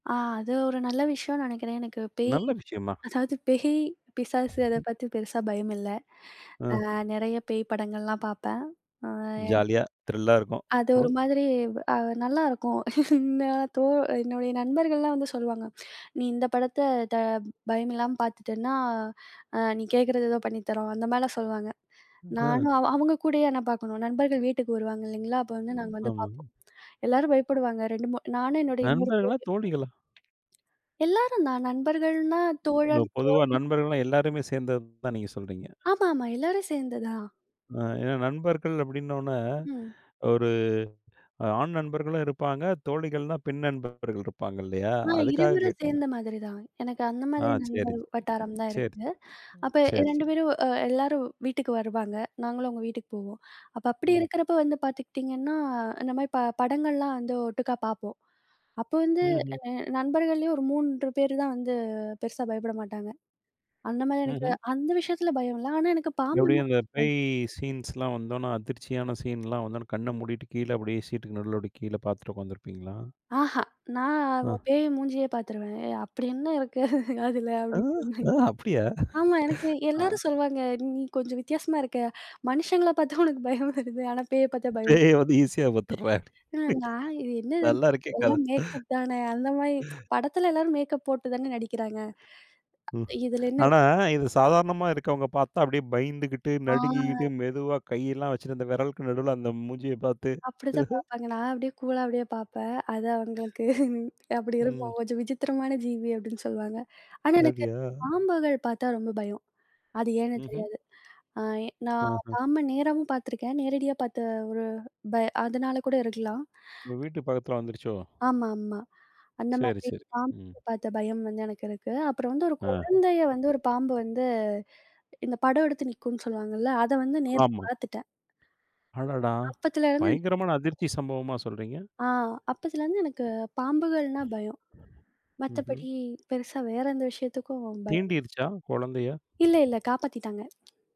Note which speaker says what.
Speaker 1: ஆ, அது ஒரு நல்ல விஷயம்னு நினைக்கிறேன். எனக்குப் பேய்
Speaker 2: நல்ல விஷயம் மா.
Speaker 1: அதாவது பேய், பிசாசு அதைப் பத்தி பெருசா பயம் இல்ல.
Speaker 2: ஆ.
Speaker 1: ஆ, நெறைய பேய் படங்கள் எல்லாம் பாப்பேன். ஆ.
Speaker 2: ஜாலியா, திரில்லா இருக்கும்.
Speaker 1: அது
Speaker 2: ம்.
Speaker 1: ஒரு மாதிரி ஆ, நல்லா இருக்கும். என்ன தோ என்னுடைய நண்பர்கள் எல்லாம் வந்து சொல்லுவாங்க, "நீ இந்தப் படத்த த பயமில்லாம பாத்துட்டன்னா ஆ, நீ கேக்குறதை ஏதோ பண்ணித்தறோம்". அந்த மாரி எல்லாம் சொல்லுவாங்க.
Speaker 2: அ.
Speaker 1: நானும் அ அவங்க கூடவே நான் பார்க்கணும். நண்பர்கள் வீட்டுக்கு வருவாங்க இல்லீங்களா? அப்போ வந்து
Speaker 2: ம்.
Speaker 1: நாங்க வந்து
Speaker 2: ஆமாங்.
Speaker 1: பார்ப்போம். எல்லாரும் பயப்படுவாங்க. 2, 3 நானும் என்னுடைய இன்னொரு தோழி.
Speaker 2: நண்பர்களா, தோழிகளா?
Speaker 1: எல்லாரும் தான் நண்பர்கள்னா
Speaker 2: இந்த
Speaker 1: தோழன்,
Speaker 2: பொதுவா
Speaker 1: தோழி.
Speaker 2: நண்பர்கள்னா, எல்லாருமே சேர்ந்தது தான் நீங்கச் சொல்றீங்க.
Speaker 1: ஆமா, ஆமா, எல்லாரும் சேர்ந்துதா?
Speaker 2: அ ஏன்னா, நண்பர்கள் அப்படின்னு உடனே,
Speaker 1: ம்.
Speaker 2: ஒரு ஆண் நண்பர்களும் இருப்பாங்க. தோழிகள்னா, பெண் நண்பர்கள் இருப்பாங்க இல்லையா?
Speaker 1: ஆ,
Speaker 2: அதுக்காக
Speaker 1: இருவரும்
Speaker 2: கேட்டேன்.
Speaker 1: சேர்ந்த மாதிரி தான். எனக்கு அந்த
Speaker 2: ஆ,
Speaker 1: மாதிரி
Speaker 2: சரி,
Speaker 1: நண்பர் வட்டாரம் தான்
Speaker 2: சரி. சரி.
Speaker 1: இருக்கு. அப்ப
Speaker 2: சரி,
Speaker 1: 2
Speaker 2: சரி.
Speaker 1: பேரும், அ எல்லாரும் வீட்டுக்கு வருவாங்க. நாங்களும் அவங்க வீட்டுக்குப் போவோம். அப்ப அப்படி
Speaker 2: ம்.
Speaker 1: இருக்கிறப்போ வந்து பாத்துக்கிட்டீங்கன்னா, அந்த ம பட படங்கள் எல்லாம் வந்து ஒட்டுக்கா பார்ப்போம். அப்போ வந்து
Speaker 2: ம்ஹ்ம்.
Speaker 1: அ நண்பர்கள்லியும் ஒரு 3 பேரு தான் வந்து பெருசா பயப்பட மாட்டாங்க. அந்த மாரி எனக்கு
Speaker 2: ம்ஹ்ம்.
Speaker 1: அந்த விஷயத்துல பயம் இல்ல. ஆனா, எனக்குப் பாம்புன்னா
Speaker 2: எப்படியும், அந்தப்
Speaker 1: கொஞ்சம் பயம்.
Speaker 2: பேய் சீன்ஸ் எல்லாம் வந்தவுடனே, அதிர்ச்சியான சீன் எல்லாம் வந்தவுடனே, கண்ண மூடிட்டு, கீழே அப்படியே சீட்க்கு நடுவுல கீழே பார்த்துட்டு உட்கார்ந்திருப்பீங்களா?
Speaker 1: ஆஹா. நான்
Speaker 2: ஆ.
Speaker 1: ஆ, பேய் மூஞ்சியையே பாத்துருவேன். அப்படி என்ன இருக்கு அதுல
Speaker 2: ஆ.
Speaker 1: அப்படிங்கிற மாரி.
Speaker 2: அ அப்படியா?
Speaker 1: ஆமா, எனக்கு
Speaker 2: ஆ.
Speaker 1: எல்லாரும் சொல்லுவாங்க. "நீ கொஞ்சம் வித்தியாசமா இருக்க. மனுஷங்கள பாத்தா உனக்குப் பயம் வருது. ஆனா, பேயைப் பாத்தா பயம்
Speaker 2: பேய் வந்து ஈஸியா பாத்துறா?
Speaker 1: இல்ல". நான் இது என்னன்னு?
Speaker 2: நல்லா இருக்கே கதை.
Speaker 1: எல்லாம் மேக்கப் தானே! அந்த மாரி படத்துல எல்லாரும் மேக்கப் போட்டுத்தானே நடிக்கிறாங்க.
Speaker 2: ம்.
Speaker 1: இதுல என்ன இருக்கு?
Speaker 2: ஆனா, இது சாதாரணமா இருக்கவங்க பாத்தா, அப்படியே பயந்துகிட்டு, நடுங்கிட்டு,
Speaker 1: ஆ.
Speaker 2: மெதுவா கையெல்லாம் வச்சிருந்த விரலுக்கு நடுவுல அந்த மூஞ்சியை பார்த்து.
Speaker 1: அப்படித்தான் பார்ப்பாங்க. நான் அப்படியே கூலா அப்படியே பார்ப்பேன். அது அவங்களுக்கு அப்படி
Speaker 2: ம்.
Speaker 1: இருக்கும். "கொஞ்சம் விசித்திரமான ஜீவி" அப்படின்னு சொல்லுவாங்க. ஆனா, எனக்குப்
Speaker 2: அப்படியா?
Speaker 1: பாம்புகள் பாத்தா ரொம்ப பயம். அது ஏன்னு
Speaker 2: ம்ஹ்ம்.
Speaker 1: தெரியாது. ஆ, ஏ நான்
Speaker 2: ஆஹா.
Speaker 1: பாம்பு நேரமும் பாத்துருக்கேன். நேரடியா பாத்த ஒரு ப அதனால கூட இருக்கலாம்.
Speaker 2: உங்க வீட்டு பக்கத்துல வந்துருச்சோ.
Speaker 1: ஆமா, ஆமா. அந்த
Speaker 2: சரி,
Speaker 1: மாரி
Speaker 2: சரி,
Speaker 1: பாம்பு
Speaker 2: ம்.
Speaker 1: பாத்த பயம் வந்து எனக்கு இருக்கு. அப்பறம் வந்து, ஒரு
Speaker 2: ஆ.
Speaker 1: குழந்தையை வந்து ஒரு பாம்பு வந்து இந்த படம் எடுத்து நிக்கும்னு சொல்லுவாங்க இல்ல, அதை வந்து நேர்ல
Speaker 2: ஆமா.
Speaker 1: பாத்துட்டேன்.
Speaker 2: அடடா,
Speaker 1: அப்பத்துல இருந்து
Speaker 2: பயங்கரமான அதிர்ச்சி சம்பவமா சொல்றீங்க?
Speaker 1: ஆ, அப்பத்துல இருந்து எனக்குப் பாம்புகள்னா பயம்.
Speaker 2: ம்ஹ்ம்.
Speaker 1: மத்தபடி, பெருசா வேற எந்த விஷயத்துக்கும் பயம் இல்ல.
Speaker 2: தீண்டிடுச்சா, குழந்தைய?
Speaker 1: இல்ல, இல்ல, காப்பாத்திட்டாங்க.